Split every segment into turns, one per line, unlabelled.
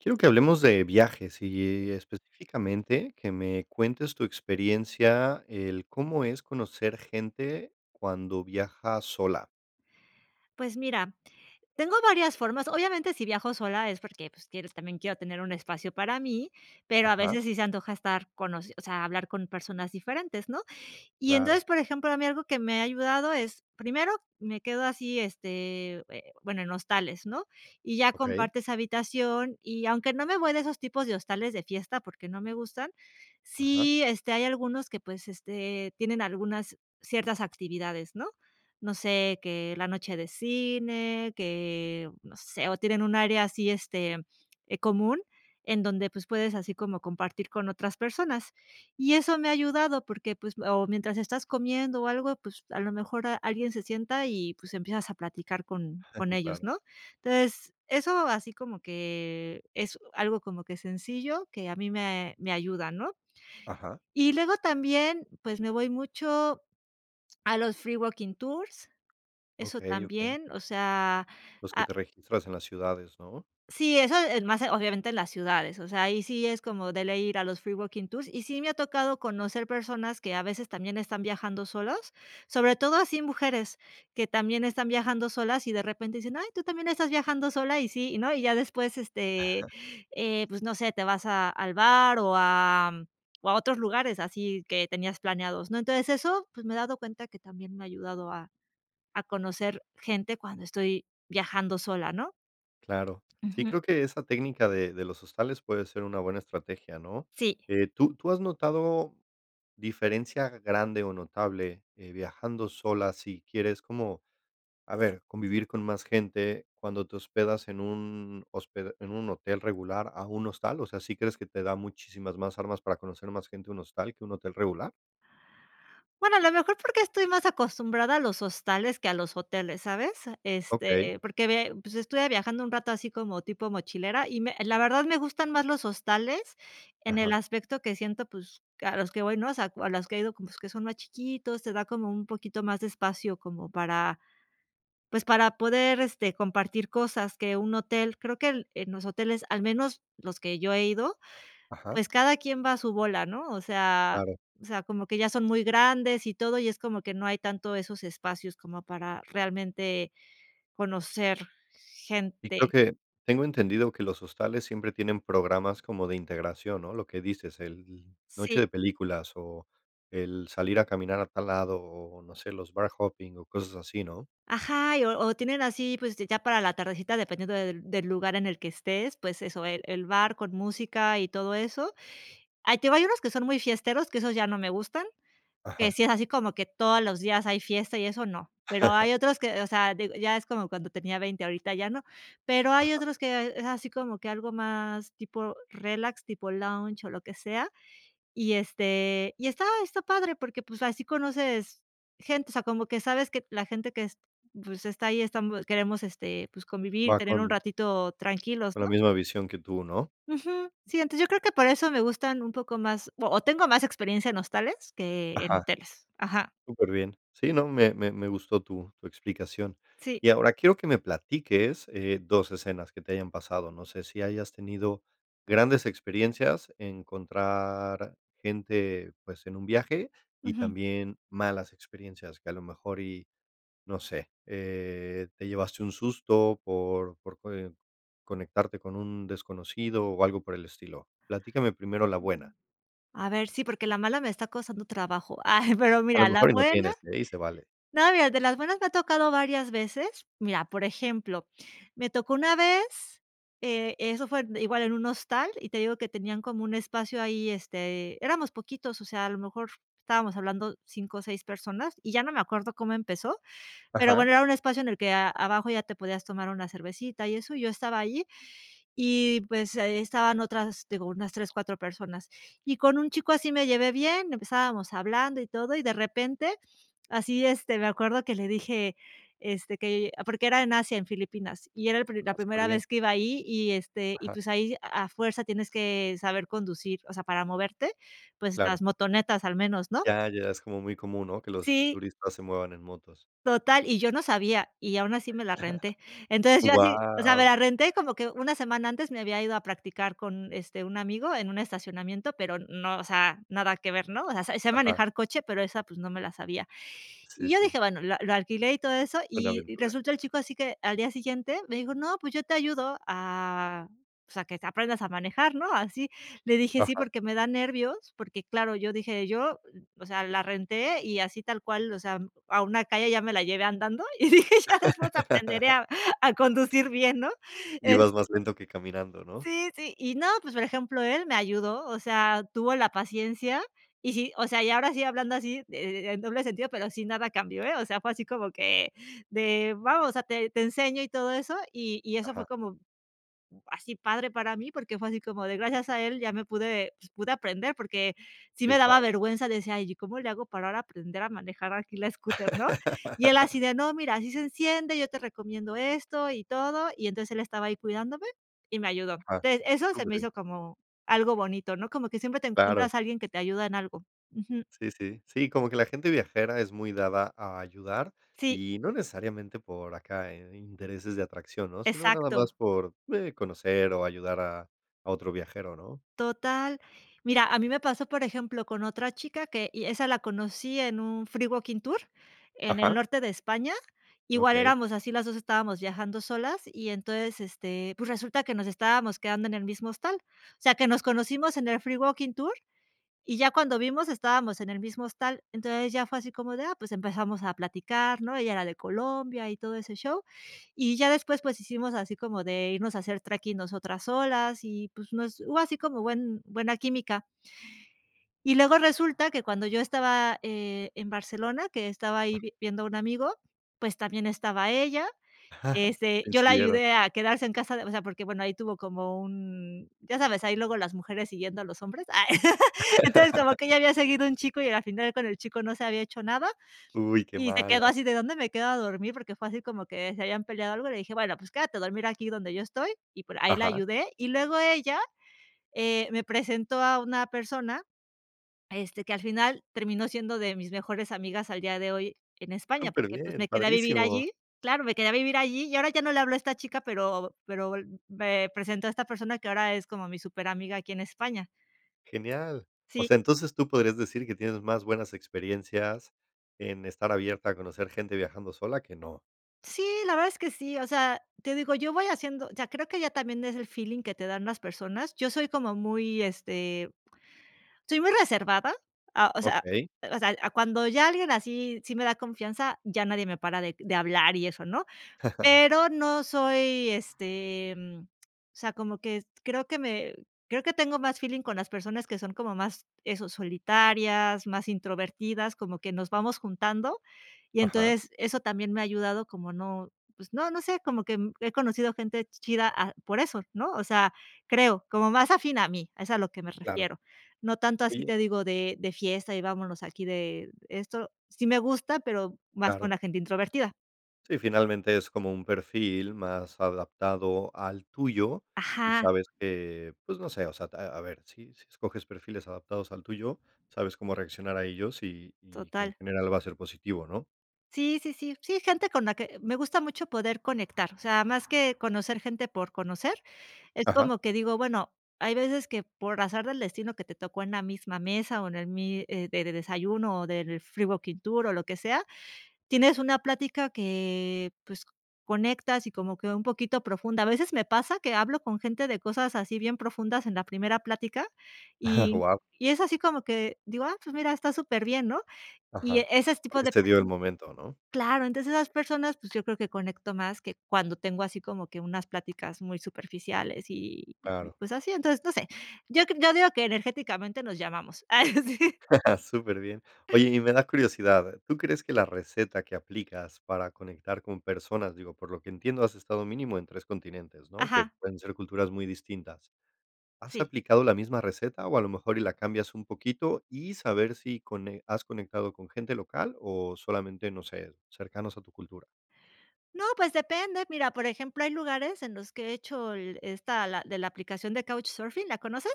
Quiero que hablemos de viajes y y específicamente que me cuentes tu experiencia el cómo es conocer gente cuando viajas sola.
Pues mira, tengo varias formas. Obviamente, si viajo sola es porque, pues, quieres también, quiero tener un espacio para mí, pero a
Ajá.
veces sí se antoja estar con o sea, hablar con personas diferentes. ¿no? Y
Claro.
entonces, por ejemplo, a mí algo que me ha ayudado es, primero, me quedo así, este, eh, bueno, en hostales, ¿no? Y ya
Okey
compartes habitación, y aunque no me voy de esos tipos de hostales de fiesta, porque no me gustan,
Ajá.
sí, este, hay algunos que, pues, este, tienen algunas, ciertas actividades, ¿no? No sé que la noche de cine, que no sé, o tienen un área así, este, eh, común, en donde, pues, puedes así como compartir con otras personas. Y eso me ha ayudado, porque, pues, o mientras estás comiendo o algo, pues, a lo mejor a alguien se sienta y, pues, empiezas a platicar con con ellos,
Claro
¿no? Entonces, eso así como que es u algo como que sencillo que a mí me me ayuda, ¿no?
Ajá.
Y luego también, pues, me voy mucho a los free walking tours, eso
Okey. Okey.
también, o sea,
Los que
a
te registras en las ciudades ¿no?
Sí, eso es más, obviamente, en las ciudades, o sea, ahí sí es como de ley ir a los free walking tours, y sí me ha tocado conocer personas que a veces también están viajando solos, sobre todo así mujeres que también están viajando solas y de repente dicen: "Ay, tú también estás viajando sola" y sí, ¿no? Y ya después, este, eh, pues no sé, te vas a, al bar o a o a otros lugares así que tenías planeados, ¿no? Entonces, eso, pues me he dado cuenta que también me ha ayudado a a conocer gente cuando estoy viajando sola, ¿no?
Claro. Sí,
Ujú.
creo que esa técnica de de los hostales puede ser una buena estrategia, ¿no?
Sí.
Eh, ¿tú tú has notado diferencia grande o notable, eh, viajando sola si quieres como, a ver, convivir con más gente cuando te hospedas en un hospe en un hotel regular a un hostal? O sea, ¿sí crees que te da muchísimas más armas para conocer más gente un hostal que un hotel regular?
Bueno, a lo mejor porque estoy más acostumbrada a los hostales que a los hoteles, ¿sabes?
Okey.
Este, porque ve, pues, estuve viajando un rato así como tipo mochilera y me la verdad, me gustan más los hostales en el
Ajá.
aspecto que siento, pues, que a los que voy, ¿no? O sea, a los que he ido como que son más chiquitos, te da como un poquito más de espacio como para, pues, para poder, este, compartir cosas que un hotel, creo que el, en los hoteles, al menos los que yo he ido,
Ajá.
pues cada quien va a su bola, ¿no? O sea,
Claro.
o sea, como que ya son muy grandes y todo, y es como que no hay tanto esos espacios como para realmente conocer
Y
gente.
creo que tengo entendido que los hostales siempre tienen programas como de integración, ¿no? Lo que dices, el, noche
Sí.
de películas o el salir a caminar a tal lado o o, no sé, los bar hopping o cosas así, ¿no?
Ajá, y, o o tienen así, pues, ya para la tardecita dependiendo del del lugar en el que estés, pues eso, el el bar con música y todo eso. Ah, te digo, hay unos que son muy fiesteros, que esos ya no me gustan, que
Ajá.
si es así como que todos los días hay fiesta y eso, no. Pero hay otros que, o sea, digo, ya es como cuando tenía 20 ahorita ya no. Pero hay
Ajá.
otros que es así como que algo más tipo relax, tipo lounge o lo que sea. Y este, y estaba, está padre porque pues así conoces gente, o sea, como que sabes que la gente que es pues, está ahí estamos, queremos, este, pues, convivir,
Va
tener un
con
ratito tranquilos,
con la
¿no?
misma visión que tú, ¿no?
Ujú. Sí, entonces yo creo que por eso me gustan un poco más o o tengo más experiencia en hostales que en
Ajá.
hoteles. Ajá.
Superbién. Sí, no, me me me gustó tu tu explicación.
Sí.
Y ahora quiero que me platiques, eh, dos escenas que te hayan pasado. No sé si hayas tenido grandes experiencias, encontrar gente, pues, en un viaje y
Ujú.
también malas experiencias, que a lo mejor y, no sé, eh, te llevaste un susto por por, coe conectarte con un desconocido o algo por el estilo. Platícame primero la buena.
A ver, sí, porque la mala me está costando trabajo. Ay, pero
A
mira,
lo
la
mejor y no
buena.
tienes ¿eh?, y se vale.
No, mira, de las buenas me ha tocado varias veces. Mira, por ejemplo, me tocó una vez, eh, eso fue igual en un hostal, y te digo que tenían como un espacio ahí, este, éramos poquitos, o sea, a lo mejor estábamos hablando 5 o 6 personas y ya no me acuerdo cómo empezó, pero
Ajá.
bueno, era un espacio en el que a abajo ya te podías tomar una cervecita y eso, yo estaba ahí y, pues, estaban otras, digo, unas 3, 4 personas. Y con un chico así me llevé bien, empezábamos hablando y todo, y de repente así, este, me acuerdo que le dije, este, que porque era en Asia, en Filipinas, y era el, la
Ah,
primera
superbién.
vez que iba ahí y, este y,
Ajá.
pues, ahí a fuerza tienes que saber conducir, o sea, para moverte, pues,
Claro.
las motonetas al menos, ¿no?
Ya, allá es como muy común, ¿no? Que los
Sí.
turistas se muevan en motos.
Total, y yo no sabía, y aún así me la renté. Entonces, yo así, o sea, me
Guau.
la renté como que una semana antes me había ido a practicar con, este, un amigo en un estacionamiento, pero no, o sea, nada que ver, ¿no? O sea, se
Ajá.
manejar coche, pero esa, pues, no me la sabía.
Sí,
Y yo
sí.
dije, bueno, lo lo alquilé y todo eso,
Una
y
aventura.
resultó el chico así que al día siguiente me dijo: "No, pues, yo te ayudo a, o sea, que aprendas a manejar", ¿no? Así, le dije: "Sí,
Ajá.
porque me da nervios". Porque claro, yo dije yo, o sea, la renté y así tal cual, o sea, a una calle ya me la llevé andando y dije, ya después aprenderé a a conducir bien. ¿no?
Ibas
Este
más lento que caminando, ¿no?
Sí, sí. Y no, pues, por ejemplo, él me ayudó, o sea, tuvo la paciencia y sí, o sea, y ahora sí hablando así de en doble sentido, pero sín nada cambió. O sea, fue así como que de, vamos, o sea, te te enseño y todo eso, y y eso fue
Ajá.
como así padre para mí, porque fue así como de gracias a él ya me pude, pues, pude aprender, porque sí me
Que
daba
padre.
vergüenza, decía yo: "Y, ¿cómo le hago para ahora aprender a manejar aquí la scooter?", ¿no? Y él así de: "No, mira, así se enciende, yo te recomiendo esto y todo". Y entonces él estaba ahí cuidándome y me ayudó.
Ah.
Te eso se me
Superbién.
hizo como algo bonito, ¿no? Como que siempre te
Claro.
encuentras a alguien que te ayuda en algo. Ujú.
Sí, sí. Sí, como que la gente viajera es muy dada a ayudar
Sí.
y no necesariamente por acá en intereses de atracción, ¿no? Sino nada más
Exacto.
por, eh, conocer o ayudar a a otro viajero, ¿no?
Total. Mira, a mí me pasó, por ejemplo, con otra chica que, y esa la conocí en un free walking tour, en el
Ajá.
norte de España. Igual
Okey.
éramos así, las dos estábamos viajando solas y entonces, este, pues, resulta que nos estábamos quedando en el mismo hostal. O sea, que nos conocimos en el free walking tour, y ya cuando vimos estábamos en el mismo hostal, entonces ya fue así como de, ah, pues, empezamos a platicar, ¿no? Ella era de Colombia y todo ese show, y ya después, pues, hicimos así como de irnos a hacer treking nosotras solas y, pues, no es, hubo así como buen buena química. Y luego resulta que cuando yo estaba, eh, en Barcelona, que estaba ahí viendo un amigo, pues, también estaba ella, este, yo la
Coincidieron.
ayudé a quedarse en casa de o sea, porque, bueno, ahí tuvo como un, ya sabes, ahí luego las mujeres siguiendo a los hombres. Entonces, como que ya había seguido un chico y al final con el chico no se había hecho nada
Uy. Qué
y se quedó
mala.
así de: "¿Dónde me quedo a dormir?", porque fue así como que se habían peleado algo. Le dije, bueno, pues, quédate a dormir aquí donde yo estoy y por ahí la
Ajá.
ayudé. Y luego ella, eh, me presentó a una persona, este, que al final terminó siendo de mis mejores amigas al día de hoy en España, porque, pues,
Superbién,
me quedé a vivir
padrísimo.
allí. Claro, me quedé a vivir allí y ahora ya no le habló a esta chica, pero pero me presentó a esta persona que ahora es como mi superamiga aquí en España.
Genial. O
Sí
sea, entonces, tú podrías decir que tienes más buenas experiencias en estar abierta a conocer gente viajando sola, que no.
Sí, la verdad es que sí, o sea, te digo, yo voy haciendo, o sea, creo que ya también es el feeling que te dan las personas. Yo soy como muy, este, soy muy reservada, a o sea,
Okey.
o sea, a cuando ya alguien así, sí me da confianza, ya nadie me para de de hablar y eso, ¿no? Pero no soy, este, em o sea, como que creo que me, creo que tengo más feeling con las personas que son como más eso, solitarias, más introvertidas, como que nos vamos juntando, Y
Ajá.
entonces eso también me ha ayudado como no, pues, no, no sé, como que he conocido gente chida a, por eso, ¿no? O sea, creo, como más afín a mí, es a lo que me
Claro.
refiero. No tanto así
Oye.
te digo de de fiesta y vámonos aquí de esto, sí me gusta, pero más con
Claro.
la gente introvertida.
Sí, finalmente es como un perfil más adaptado al tuyo y
Ajá.
sabes que, pues, no sé, o sea, ta a, a ver, si, si escoges perfiles adaptados al tuyo, sabes cómo reaccionar a ellos y y que en
Total.
general va a ser positivo, ¿no?
Sí, sí, sí, sí, gente con la que, me gusta mucho poder conectar, o sea, más que conocer gente por conocer, es
Ajá.
como que digo, bueno, hay veces que por azar del destino que te tocó en la misma mesa o en el mis de de desayuno o del free working tour o lo que sea, tienes una plática que, pues, conectas y como que un poquito profunda. A veces me pasa que hablo con gente de cosas así bien profundas en la primera plática y
Guau.
y es así como que digo: "Ah, pues, mira, está superbién", ¿no? Y e
Ajá.
ese s tipo
Porque
de
se dio el
personas
momento, ¿no?
claro, entonces esas personas, pues yo creo que conecto más que cuando tengo así como que unas pláticas muy superficiales y y
Claro.
pues así, entonces, no sé. Yo cre yo digo que energéticamente nos llamamos. Ay sí.
Superbién. Oye, y me da curiosidad. ¿Tú crees que la receta que aplicas para conectar con personas? Digo, por lo que entiendo, has estado mínimo en 3 continentes, ¿no? Que
Ajá.
pueden ser culturas muy distintas. ¿Has
Sí.
aplicado la misma receta o a lo mejor y la cambias un poquito y saber si cone has conectado con gente local o solamente, no sé, cercanos a tu cultura?
No, pues depende. Mira, por ejemplo, hay lugares en los que he hecho el, esta la, de la aplicación de Couchsurfing. ¿La conoces?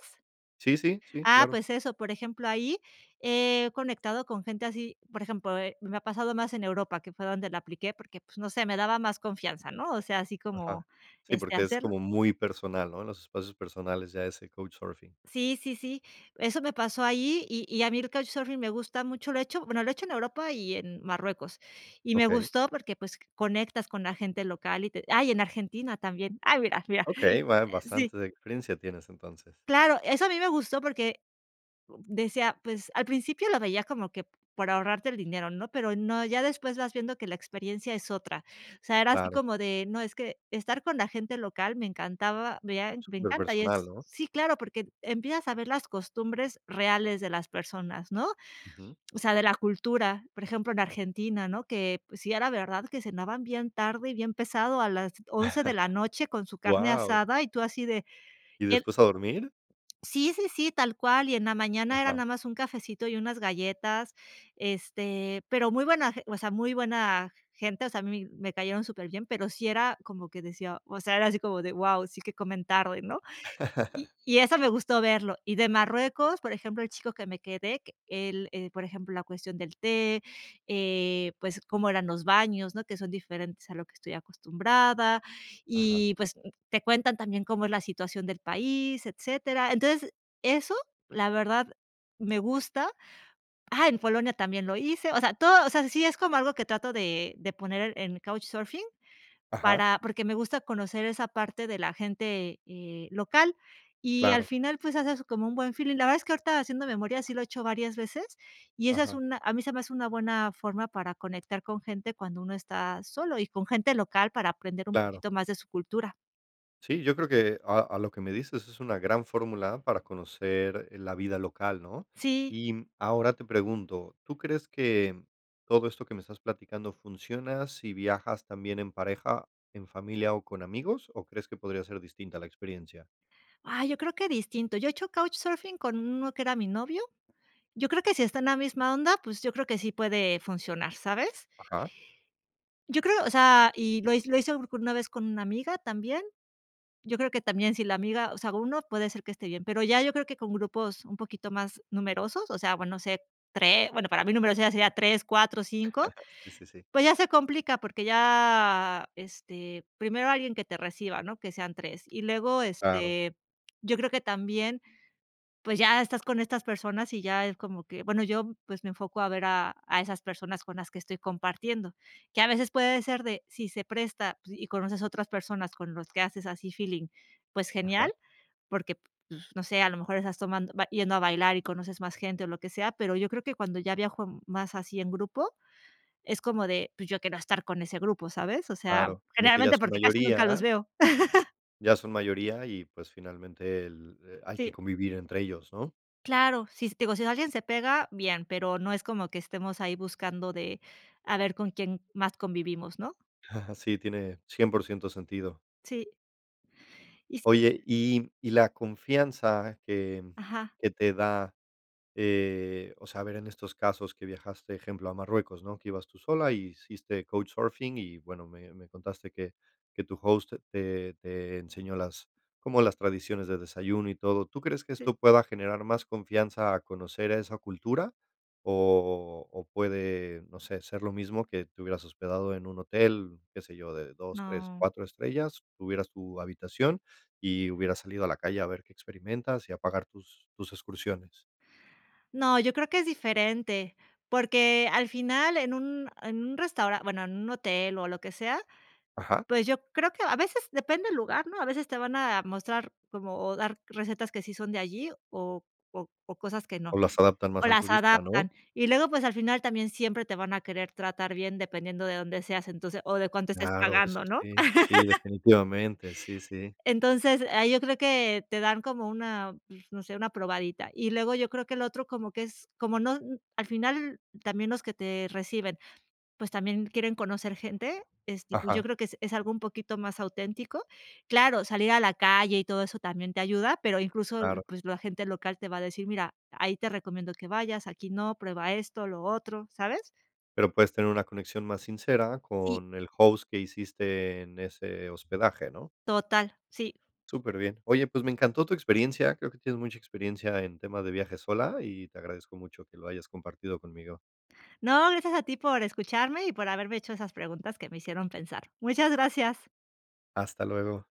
Sí, sí, sí,
Ah,
claro.
pues eso, por ejemplo, ahí, he conectado con gente así, por ejemplo, eh, me ha pasado más en Europa, que fue donde la apliqué, porque, pues, no sé, me daba más confianza, ¿no? O sea, así
Ajá.
como,
Sí,
este,
porque es
hacerlo.
como muy personal, ¿no? Los espacios personales ya ese Couchsurfing.
Sí, sí, sí. Eso me pasó ahí, y y a mí el Couchsurfing me gusta mucho, lo he hecho, bueno, lo he hecho en Europa y en Marruecos. Y me
Okey.
gustó porque, pues, conectas con la gente local y te ah y en Argentina también. Ay, mira, mira.
Okey. Ba
Sí.
bastante de experiencia tienes entonces.
Claro, eso a mí me gustó porque decía, pues, al principio lo veía como que por ahorrarte el dinero, ¿no? Pero no, ya después vas viendo que la experiencia es otra. O sea, era así
Claro.
como de, no, es que estar con la gente local me encantaba, mea me encanta y
Superpersonal,
es.
¿no?
Sí, claro, porque empiezas a ver las costumbres reales de las personas, ¿no?
Ujú.
O sea, de la cultura, por ejemplo, en Argentina, ¿no? Que, pues, sí era verdad que cenaban bien tarde y bien pesado a las 11 de la noche con su carne
Guau.
asada y tú así de,
¿Y
el
después a dormir?
Sí, sí, sí, tal cual, y en la mañana era
Ajá.
nada más un cafecito y unas galletas, este, pero muy buena ge o sea, muy buena gente, o sea, a mí me cayeron superbién, pero sí era como que decía, o sea, era así como de guau, sí que comen tarde, ¿no? Y y eso me gustó verlo. Y de Marruecos, por ejemplo, el chico que me quedé que él, eh, por ejemplo, la cuestión del té, eh, pues, cómo eran los baños, ¿no? Que son diferentes a lo que estoy acostumbrada.
Ajá.
Y, pues, te cuentan también cómo es la situación del país, etcétera. Entonces, eso, la verdad, me gusta. Ah, en Polonia también lo hice, o sea, todo, o sea, sí es como algo que trato de de poner en en Couchsurfing
Ajá.
para porque me gusta conocer esa parte de la gente, eh, local, y al
Claro.
final, pues, haces como un buen feeling. La verdad es que ahorita haciendo memoria sí lo he hecho varias veces, y esa es
Ajá.
una a mí se me hace una buena forma para conectar con gente cuando uno está solo, y con gente local para aprender un
Claro.
poquito más de su cultura.
Sí, yo creo que a a lo que me dices es una gran fórmula para conocer, eh, la vida local, ¿no?
Sí.
Y ahora te pregunto, ¿tú crees que todo esto que me estás platicando funciona si viajas también en pareja, en familia o con amigos, o crees que podría ser distinta a la experiencia?
Ay, yo creo que distinto, yo he hecho Couchsurfing con uno que era mi novio. Yo creo que si está en la misma onda, pues, yo creo que sí puede funcionar, ¿sabes?
Ajá.
Yo creo, o sea, y lo hi lo hice una vez con una amiga también, yo creo que también si la amiga, o sea, uno puede ser que esté bien, pero ya yo creo que con grupos un poquito más numerosos, o sea, bueno, no sé, 3, bueno, para mí números ya sería 3, 4, 5,
Sí, sí, sí
pues ya se complica porque ya, este, primero alguien que te reciba, ¿no? Que sean 3. Y luego,
Claro.
este, yo creo que también, pues ya estás con estas personas y ya es como que, bueno, yo, pues, me enfoco a ver a, a esas personas con las que estoy compartiendo, que a veces puede ser de, si se presta y conoces otras personas con los que haces así feeling, pues genial,
Ajá.
porque, pues, no sé, a lo mejor estás tomando yendo a bailar y conoces más gente o lo que sea, pero yo creo que cuando ya viajo más así en grupo, es como de: "Pues yo quiero estar con ese grupo", ¿sabes? O sea,
Claro, como que ya
generalmente
son
porque casi nunca los
mayoría,
veo.
ya son mayoría y, pues, finalmente el, hay que
Sí.
convivir entre ellos, ¿no?
Claro, si s, digo, si alguien se pega, bien, pero no es como que estemos ahí buscando de a ver con quién más convivimos, ¿no?
Sí, tiene 100% sentido.
Sí. Y sí
Oye, y y la confianza que
Ajá.
que te da, eh, o sea, eh, ver en estos casos que viajaste, ejemplo, a Marruecos, ¿no? Que ibas tú sola y hiciste Couchsurfing y, bueno, me me contaste que que tu host te te enseñó las, como las tradiciones de desayuno y todo. ¿Tú crees que
Sí.
esto pueda generar más confianza a conocer a esa cultura? ¿O o o puede, no sé, ser lo mismo que te hubieras hospedado en un hotel, qué sé yo, de dos, tres,
No.
cuatro estrellas, tuvieras tu habitación y hubieras salido a la calle a ver qué experimentas y a pagar tus tus excursiones?
No, yo creo que es diferente, porque al final en un, en un restaura bueno, en un hotel o lo que sea,
Ajá.
pues yo creo que, a veces depende el lugar, ¿no? A veces te van a mostrar como, o dar recetas que sí son de allí o o o cosas que no.
O las adaptan
O
más al
las
turista, ¿no?
adaptan. Y luego, pues, al final también siempre te van a querer tratar bien dependiendo de dónde seas, entonces, o de cuánto estés
Claro, eso
pagando, ¿no?
sí, sí, definitivamente, sí, sí.
Entonces, ahí yo creo que te dan como una, pues, no sé, una probadita. Y luego, yo creo que el otro como que es, como no, al final también los que te reciben, pues también quieren conocer gente, este, y pues yo
Ajá.
creo que es es algo un poquito más auténtico. Claro, salir a la calle y todo eso también te ayuda, pero incluso,
Claro.
pues la gente local te va a decir: "Mira, ahí te recomiendo que vayas, aquí no, prueba esto, lo otro", ¿sabes?
Pero puedes tener una conexión más sincera
Sí.
con el host que hiciste en ese hospedaje, ¿no?
Total, sí.
Superbién. Oye, pues me encantó tu experiencia. Creo que tienes mucha experiencia en tema de viajes sola y te agradezco mucho que lo hayas compartido conmigo.
No, gracias a ti por escucharme y por haberme hecho esas preguntas que me hicieron pensar. Muchas gracias.
Hasta luego.